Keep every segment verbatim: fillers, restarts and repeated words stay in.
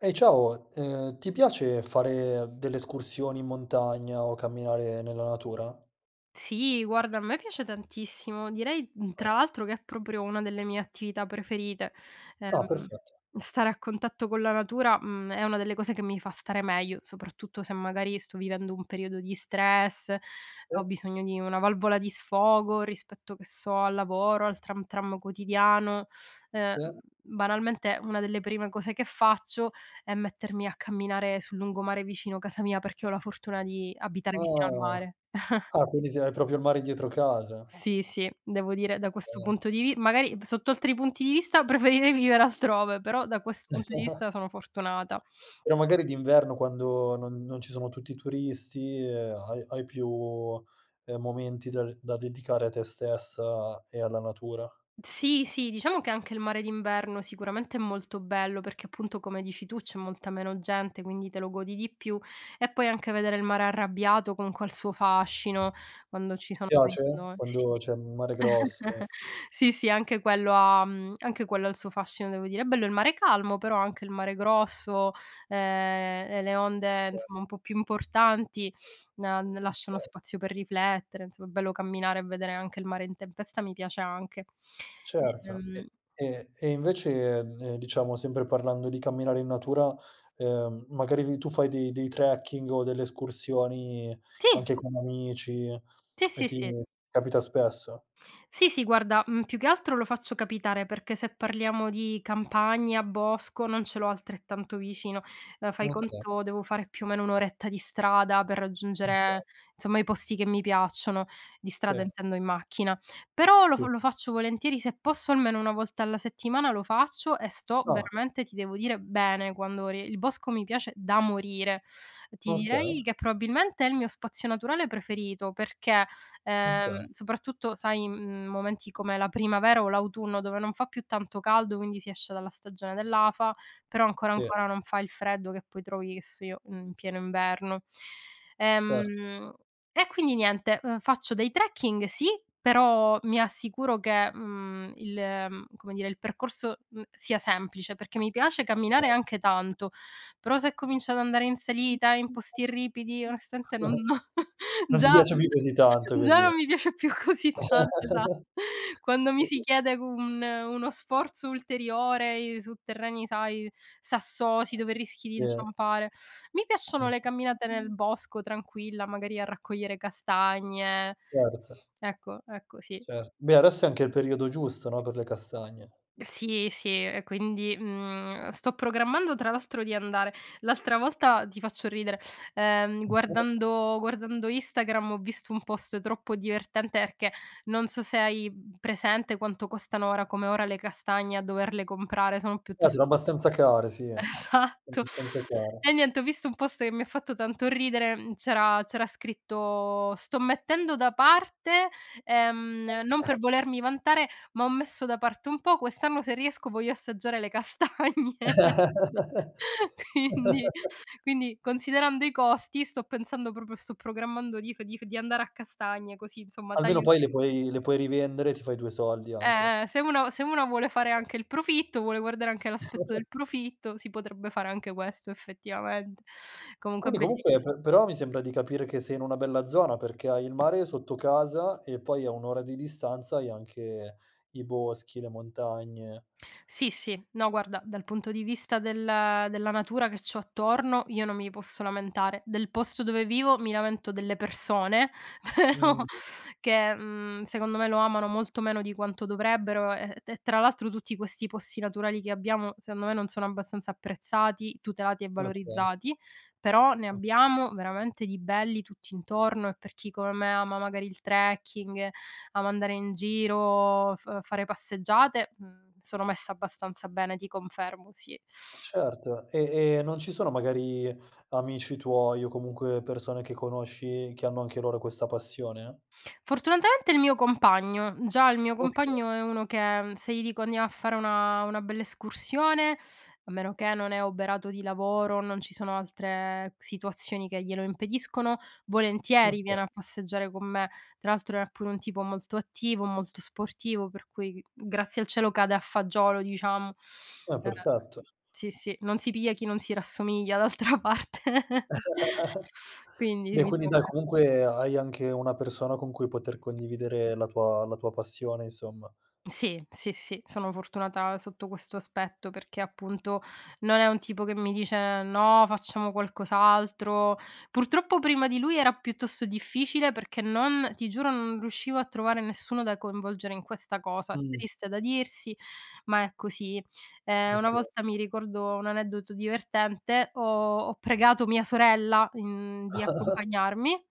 Ehi, ciao! Uhm, ti piace fare delle escursioni in montagna o camminare nella natura? Sì, guarda, a me piace tantissimo, direi mh, tra Ah. l'altro che è proprio una delle mie attività preferite, Ah, uhm, perfetto. stare a contatto con la natura, mhmm, è una delle cose che mi fa stare meglio, soprattutto se, magari, sto vivendo un periodo di stress, E ho bisogno di una valvola di sfogo rispetto, che so, al lavoro, al tram tram quotidiano, uhm, Se. banalmente, una delle prime cose che faccio è mettermi a camminare sul lungomare vicino casa mia, perché ho la fortuna di abitare vicino al Ah. mare. Ah, quindi se hai propio il mare dietro casa. Sì, sì, devo dire da questo Bene. punto di vi magari, d sotto altri punti di vista, preferirei vivere altrove, però, da questo punto di vista, sono fortunata. Però, magari, d'inverno, quando non non ci sono tutti i turisti, uhm, hai hai più, uhm, momenti dar da dedicare a te stessa e alla natura. Sì, sì, diciamo che anche il mare d'inverno, sicuramente, è molto bello perché, appunto, come dici tu, c'è molta meno gente, quindi te lo godi di più; e poi, anche vedere il mare arrabbiato, con quel suo fascino, quando ci Ti sono piace [unintelligible] sì. quando c'è mare grosso? Sì, sì, anche quello ha mhmm, anche quello ha il suo fascino, devo dire; è bello il mare calmo, però anche il mare grosso, ehm, e le onde, kay. insomma, un po' più importanti, a ne lasciano Okay. spazio per riflettere, 'nzomm è bello camminare, e vedere anche il mare in tempesta, mi piace, anche. Certo. Ehm E e e invece, ehm, diciamo, sempre parlando di camminare in natura, uhm, magari ri tu fai dei dei trekking o delle escursioni, Sì. anche con amici, Sì, e sì, ti sì. capita spesso? Sì, sì, guarda, mhmm, più che altro lo faccio capitare, perché se parliamo di campagna, bosco, non ce l'ho altrettanto vicino, ehm, fai Okay. conto, devo fare più o meno un oretta di strada per raggiungere, Okay. zomma, i posti che mi piacciono, di strada, Se. intendo, in macchina, però lo Sì, sì, lo sì. faccio volentieri, se posso, almeno una volta alla settimana lo faccio e sto, Ah. veramente, ti devo dire, bene quando ri il bosco mi piace da morire. Ti Okay. direi che probabilmente è il mio spazio naturale preferito, perché, oka. ehm, soprattutto, sai, in m momenti come la primavera o l'autunno, dove non fa più tanto caldo, quindi si esce dalla stagione dell'afa, però ancora Sì. ancora, non fa il freddo che poi trovi, e so io, in pieno inverno. Certo. Ehm, e quindi niente, uhm, faccio dei trekking, sì, però mi assicuro che, uhm, il, uhm, come dire, il percorso, mh, sia semplice perché mi piace Okay. camminare, e anche tanto, però se cominci ad andare in salita, in posti ripidi, onestamente non Non ti già piace più così tanto, già così. non mi piace più così tanto, esatto. Quando mi si chiede un uno sforzo ulteriorei su terreni, sai, sassosi, dove rischi di Yeah. inciampare mi Sì, piacciono le camminate nel sì. bosco, tranquilla, magari a raccogliere castagne, Certe. ecco, ecco, sì. Certo. Beh, adesso è anche il periodo giusto, no, per le castagne. Sì, sì, e quindi, mhmm, sto programmando tra l'altro di andare l'altra volta, ti faccio ridere, ehm, guardando guardando Instagram ho visto un post troppo divertente erchè, non so se hai, mhmm, presente quanto costano ora come ora le castagne, a doverle comprare, sono Eh, sono piuttost abbastanza care, sì, esatto. abbastanza care. E niente, ho visto un post che mi ha fatto tanto ridere, c'era c'era scritto: "Sto mettendo da parte" ehm, "Non per volermi vantare, ma ho messo da parte un po', quest'anno se riesco voglio assaggiare le castagne". Quindi, quindi, considerando i costi, sto pensando proprio sto programmando di f di f di andare a castagne, così, insomma, Almeno taglio poi sui le co puoi le puoi rivendere e ti fai due soldi, anche. Eh, se uno se uno vuole fare anche il profitto, vuole guardare anche all'aspetto del profitto, si potrebbe fare anche questo, effettivamente. Comunque è Quindi, comunque, bellissi pe però mi sembra di capire che sei in una bella zona, perché hai il mare sotto casa, e poi, a un ora di distanza hai anche i boschi, le montagne. Sì, sì, no, guarda, dal punto di vista della della natura che c'ho attorno, io non mi posso lamentare. Del posto dove vivo, mi lamento delle persone, però, Mh. che, mhmm, secondo me lo amano molto meno di quanto dovrebbero, e e tra l'altro, tutti questi posti naturali che abbiamo, secondo me, non sono abbastanza apprezzati, tutelati e Okay. valorizzati, però ne oka. abbiamo veramente di belli, tutt'intorno, e per chi come me ama, magari, il trekking, ama andare in giro, f fare passeggiate, uhm, sono messa abbastanza bene, ti confermo, sì. Ma certo, e e non ci sono, magari, amici tuoi, o comunque persone che conosci, che hanno anche loro questa passione? Fortunatamente, il mio compagno. Già il mio Okay. compagno è uno che se gli dico andiamo a fare una una bella escursione, a meno che non è oberato di lavoro, non ci sono altre situazioni che glielo impediscono, volentieri, viene Okay. a passeggiare con me. Tra l'altro è pure un tipo molto attivo, molto sportivo, per cui, g grazie al cielo, cade a fagiolo, diciamo. Eh, Uhm, perfetto. sì, sì, non si piglia chi non si rassomiglia, d'altra parte. Quindi, Beh, mi quindi trovo dai, be comunque hai anche una persona con cui poter condividere la tua la tua passione, insomma. Sì, sì, sì, sono fortunata sotto questo aspetto perché, appunto, non è un tipo che mi dice: "No, facciamo qualcos'altro". Purtroppo, prima di lui, era piuttosto difficile perché non ti giuro, non riuscivo a trovare nessuno da coinvolgere in questa cosa. Mh-mh. Triste da dirsi, ma è così. Ehm, una Okay. volta, mi ricordo un aneddoto divertente, ho ho pregato mia sorella, mhmm, di accompagnarmi.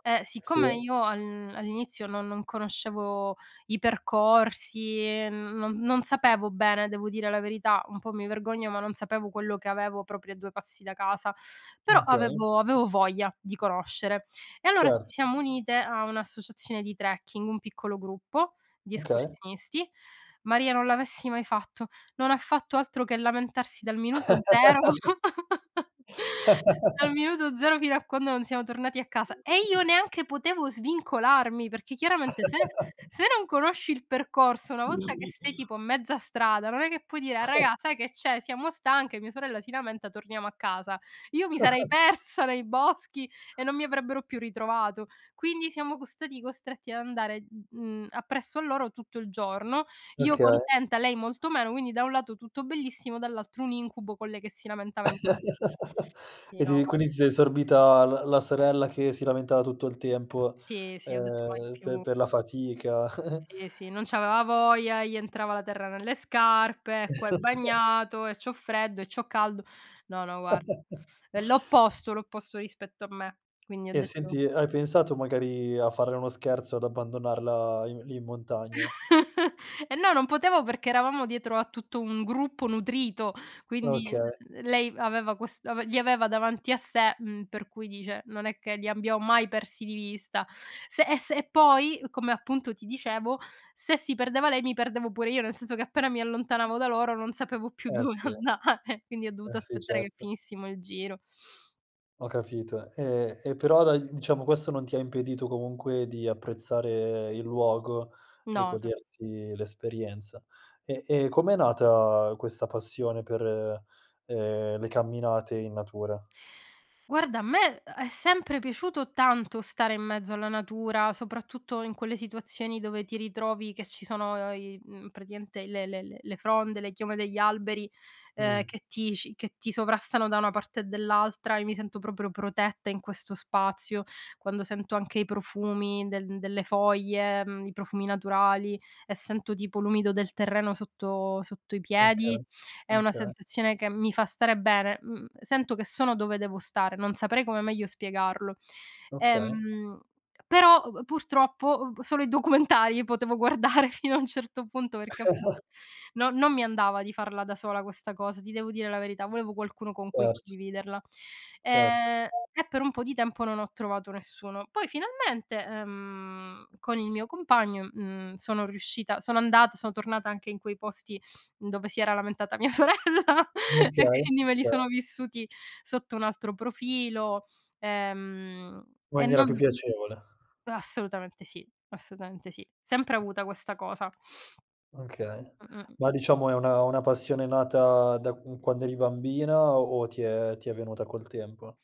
E siccome Sì. io al all'inizio non non conoscevo i percorsi, non non sapevo bene, devo dire la verità, un po' mi vergogno, ma non sapevo quello che avevo proprio a due passi da casa, però Okay. avevo avevo voglia, di conoscere. E allora ci Certo. siamo unite a un'associazione di trekking, un piccolo gruppo, di Okay. escursionisti. Maria! Non l'avessi mai fatto: non ha fatto altro che lamentarsi dal minuto zero, dal minuto zero fino a quando non siamo tornati a casa, e io neanche potevo svincolarmi, perché chiaramente se se non conosci il percorso, una volta che sei, tipo, a mezza strada, non è che puoi dire: "A raga sai che c'è? Siamo stanche, mia sorella si lamenta, torniamo a casa". Io mi sarei persa, nei boschi, e non mi avrebbero più ritrovato. Quindi siamo co stati costretti ad andare, mhmm, appresso a loro tutto il giorno, io Okay. contenta, lei molto meno, quindi, da un lato, tutto bellissimo, dall'altro un incubo, con lei che si lamentava in con sì, E ti no, e gua quindi ti sei sorbita la la sorella che si lamentava tutto il tempo, Sì, sì, ho detto: "Mai ehm, per più". per la fatica. Sì, sì, non c'aveva voglia, e gli entrava la terra nelle scarpe, "E qua è bagnato, e c'ho freddo, e c'ho caldo". No, no, guarda, è l'opposto l'opposto rispetto a me, quindi ho E, detto senti, hai pensato magari a farle uno scherzo, ad abbandonarla i lì, in montagna? Eh no! Non potevo perché eravamo dietro a tutto un gruppo nutrito, quindi n Okay. l lei aveva ques ave li aveva davanti a sé, mhm, per cui, dice non è che li abbiam mai persi di vista. Se e se e poi, come appunto ti dicevo, se si perdeva lei, mi perdevo pure io, nel senso che appena mi allontanavo da loro non sapevo più Eh, dove sì. andare, quindi ho Eh, dovuto sì, aspettare che certo. finissimo il giro. Ho capito. E e però dai, diciamo questo non ti ha impedito comunque di apprezzare il luogo e No, no. goderti l'esperienza. E e com'è nata questa passione per, ehm, le camminate in natura? Guarda a me è è sempre piaciuto tanto stare in mezzo alla natura, soprattutto in quelle situazioni dove ti ritrovi che ci sono, ehm, i mhmm, praticamente le le le le fronde, le chiome degli alberi, ehm, Mh. che ti ci che ti sovrastano da una parte e dell'altra, e mi sento proprio protetta in questo spazio, quando sento anche i profumi de delle foglie, mhmm, i profumi naturali, e sento tipo l'umido del terreno sotto sotto i Oka. piedi, è una Oka. sensazione che mi fa stare bene. Mhmm, sento che sono dove devo stare, non saprei come meglio spiegarlo. Okay. Ehm, però [unintelligible] purtroppo solo i documentari potevo guardare fino a un certo punto, perché appunto, no non mi andava di farla da sola questa cosa, ti devo dire la verità. Volevo qualcuno con cui Certo. condividerla. Certo. Ehm, e per un po' di tempo non ho trovato nessuno. Poi finalmente, ehm, con il mio compagno, mhmm, sono riuscita sono andata son tornata anche in quei posti dove si era lamentata mia sorella Okay. e quindi me li Kay. sono vissuti sotto un altro profilo. Ehm, e Maniera più non piacevole. Assolutamente sì, assolutamente sì. Sempre avuta questa cosa. Okay. Mh-mh. Ma diciamo è una una passione nata da q quando eri bambina, o o ti è ti è venuta col tempo?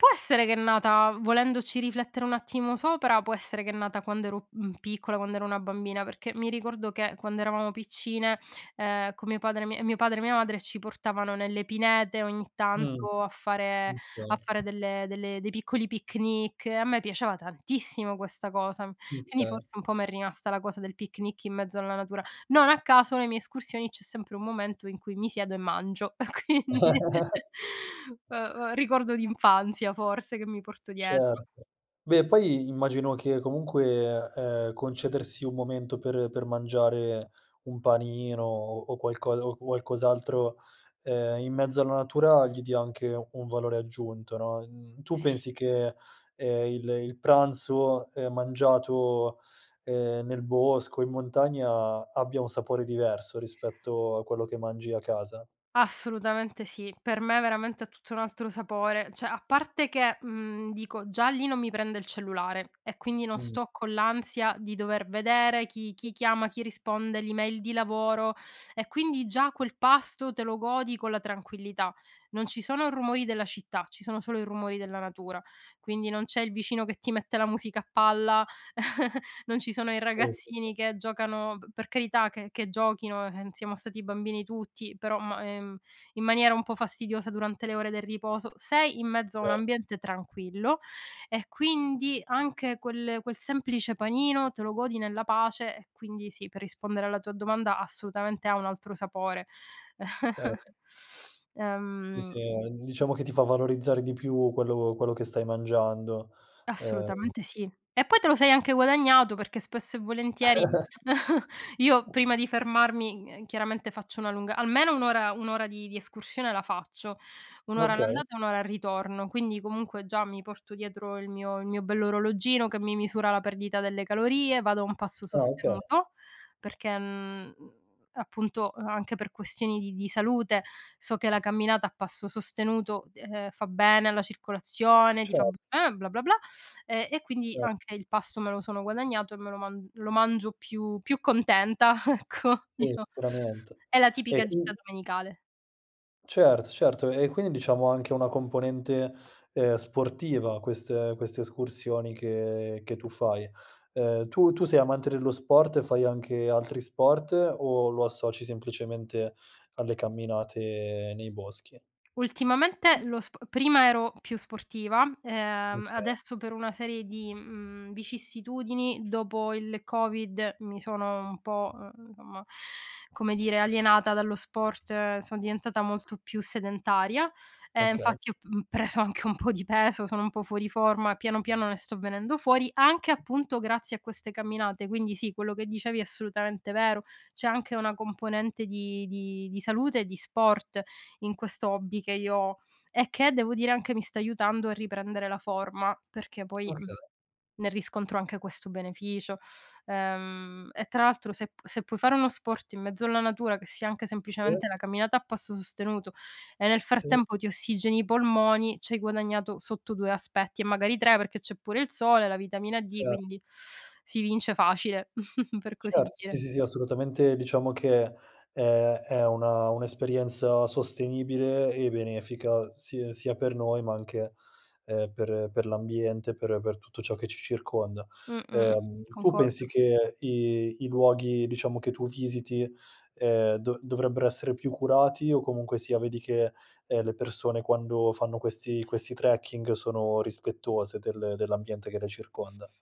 Può essere che è nata volendoci riflettere un attimo sopra, può essere che è nata quando ero, mhmm, piccola, quando ero una bambina, perché mi ricordo che quando eravamo piccine, ehm, con mio padre mi mio padre e mia madre ci portavano nelle pinete ogni Mh. tanto, a fare kay. a fare delle delle dei piccoli picnic. E a me piaciava tantissimo questa cosa. Quindi Okay. forse un po' m'è rimasta la cosa del picnic in mezzo alla natura. Non a caso le mie escursioni, c'è sempre un momento in cui mi siedo e mangio; quindi, uhm uhm, ricordo d'infanzia forse che mi porto dietro. Certo. Beh poi immagino che comunque, ehm, concedersi un momento per per mangiare un panino o o qualcosa o qualcos'altro, ehm, in mezzo alla natura gli dia anche un valore aggiunto, no. Mhmm, tu Sì. pensi che ehm, il il pranzo, ehm, mangiato, ehm, nel bosco, in montagna, abbia un sapore diverso rispetto a quello che mangi a casa? Assolutamente sì, per me veramente ha tutto un altro sapore, ceh, a parte che, mhmm, dico, già lì non mi prende il cellulare, e quindi, non Mh. sto con l'ansia di dover vedere chi chi chiama, chi risponde, l'email di lavoro, e quindi già quel pasto te lo godi con la tranquillità. Non ci sono rumori della città, ci sono solo i rumori della natura. Quindi, non c'è il vicino che ti mette la musica a palla, non ci sono i Sì, sì, sì. ragazzini che giocano p per carità che che giochino, ehm, siamo stati bambini tutti, però ma ehm, in maniera un po' fastidiosa durante le ore del riposo sei in mezzo a un Cer ambiente tranquillo, e quindi, anche quel quel semplice panino te lo godi nella pace. E, quindi sì, per rispondere alla tua domanda, assutamente ha un altro sapore. Cert Sì, Ehm sì, uhm, n diciamo, che ti fa valorizzare di più quello quello che stai mangiando, uhm Assolutamente sì. E, poi, te lo sei anche guadagnato, perché spesso e volentieri, io prima di fermarmi, uhm, chiaramente faccio una lunga almeno un ora un ora di di escursione la faccio, un ora Okay. all'andata, e un ora al ritorno. Quindi, comunque, già mi porto dietro il mio il mio bell'orologino che mi misura la perdita delle calorie, vado a un passo Ah, oka sostenuto, perché mhmm, appunto, uhm, anche per questioni di di salute, so che la camminata a passo sostenuto, uhm, fa bene alla circolazione, ti fa Cert bene, bla bla bla, ehm, e quindi Cert anche il pasto me lo sono guadagnato, e me lo man lo mangio più più contenta ecco, Sì, diciò. sicurament È la E, tipica gita quind domenicale. Certo, certo, e quindi diciamo anche una componente, uhm, sportiva queste queste escursioni che che tu fai. Uhm, tu tu sei amante dello sport e fai anche altri sport, o lo associ semplicemente alle camminate nei boschi? Ultimamente lo sp prima ero più sportiva, ehm, Okay. adesso per una serie di, mhmm, vicissitudini, dopo il Covid mi sono un po', uhm, omma, come dire, alienata dallo sport, son diventata molto più sedentaria, e Okay. infatti ho p mhmm, preso anche un po' di peso, sono un po' fuori forma, piano piano ne sto venendo fuori, anche, appunto, grazie a queste camminate, quindi sì, quello che dicevi è assolutamente vero. C'è anche una componente di di di salute e di sport in questo hobby che io ho, e che, devo dire, anche, mi sta aiutando a riprendere la forma, perché poi, mhmm, Okay. ne riscontro anche questo beneficio, ehm, e tra l'altro se p se puoi fare uno sport in mezzo alla natura, che sia anche Sì. semplicemente la camminata a passo sostenuto, e nel Sì. frattempo ti ossigeni i polmoni, c'hai guadagnato sotto due aspetti e magari tre perché c'è pure il sole, la vitamina D, Cert quindi si vince facile per così Certo, sì, dire. sì, sì, assolutamente, diciamo che è è una un'esperienza sostenibile e benefica si sia per noi ma anche, uhm, per per l'ambiente, per per tutto ciò che ci circonda. Mh-mh. Uhm, tu Concordo. pensi che i i luoghi, diciamo, che tu visiti, uhm, do dovrebbero essere più curati, o comunque sia, vedi che, ehm, le persone quando fanno questi questi trekking sono rispettose del dell'ambiente che le circonda?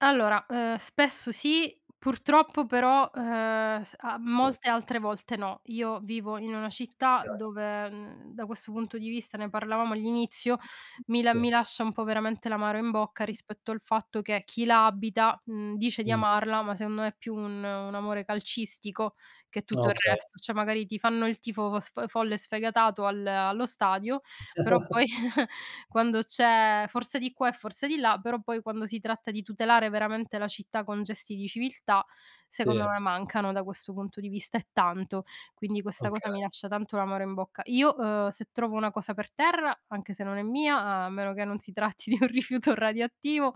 Allora, uhm, spesso sì, purtroppo però, uhm, s a molte altre volte no; io vivo in una città [unintelligible] dove, mhmm, da questo punto di vista, ne parlavamo all'inizio, mi la Sì. mi lascia un po' veramente l'amaro in bocca, rispetto al fatto che, chi la abita, mhmm, dice di Mh. amarla, ma secondo me è più un un amore calcistico che tutto Ah, il okay. resto, ceh, magari, ti fanno il tifo v sf folle sfegatato al allo stadio, però poi quando c'è "Forza!" di qua e "Forza!" di là però poi, quando si tratta di tutelare veramente la città con gesti di civiltà, Sì. secondo me mancano da questo punto di vista, e tanto. Quindi, questa cosa mi Okay. lascia tanto l'amaro in bocca. Io, uhm, se trovo una cosa per terra, anche se non è mia, a meno che non si tratti di un rifiuto radioattivo,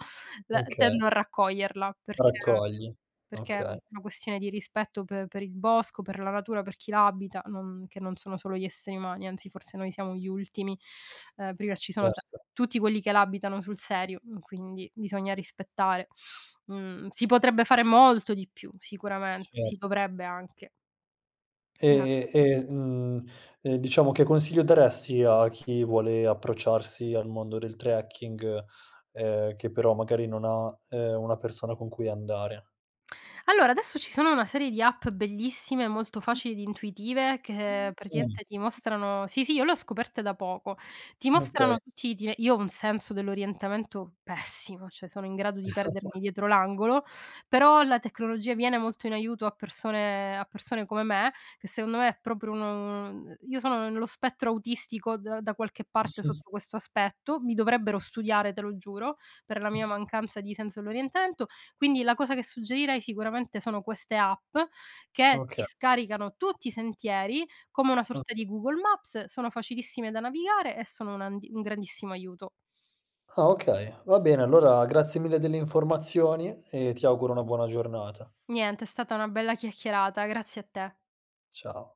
la uhm, Okay. tendo a raccoglierla, perché Raccogli, perché va è okay. una questione di rispetto pe per il bosco, per la natura, per chi la abita, non che non sono solo gli esseri umani, anzi, forse noi siamo gli ultimi; ehm, [unintelligible] ci sono ta Certo. tutti quelli che la abitano sul serio, mhmm, quindi bisogna rispettare, mhmm, si potrebbe fare molto di più sicuramente, si Cert dovrebbe anche. Ec E e mhmm, uhm, diciamo, che consiglio daresti a chi vuole approcciarsi al mondo del trekking, uhm, che però magari non ha, uhm, una persona con cui andare? Allora, adesso, ci sono una serie di app bellissime, molto facili ed intuitive che, Mh. pratimente, ti mostrano sì, sì, io l'ho scoperte da poco. Ti Okay. mostrano tutti gli iti io ho un senso dell'orientamento pessimo, cioè, sono in grado di perdermi dietro l'angolo, però, la tecnologia viene molto in aiuto a persone a persone come me, che, secondo me, è proprio uno mhmm, io sono ne nello spettro autistico d da qualche parte sotto questo aspetto, mi dovrebbero studiare, te lo giuro, per la mia mancanza di senso dell'orientamento, quindi, la cosa che suggerirei sicuramente sono queste app, che ti Oka scaricano tutti i sentieri, come una O sorta di Google Maps, sono facilissime da navigare, e sono un andi un grandissimo aiuto. Ah, okay. Va bene, allora grazie mille delle informazioni, e ti auguro una buona giornata. Niente, è stata una bella chiacchierata, grazie a te. Ciao.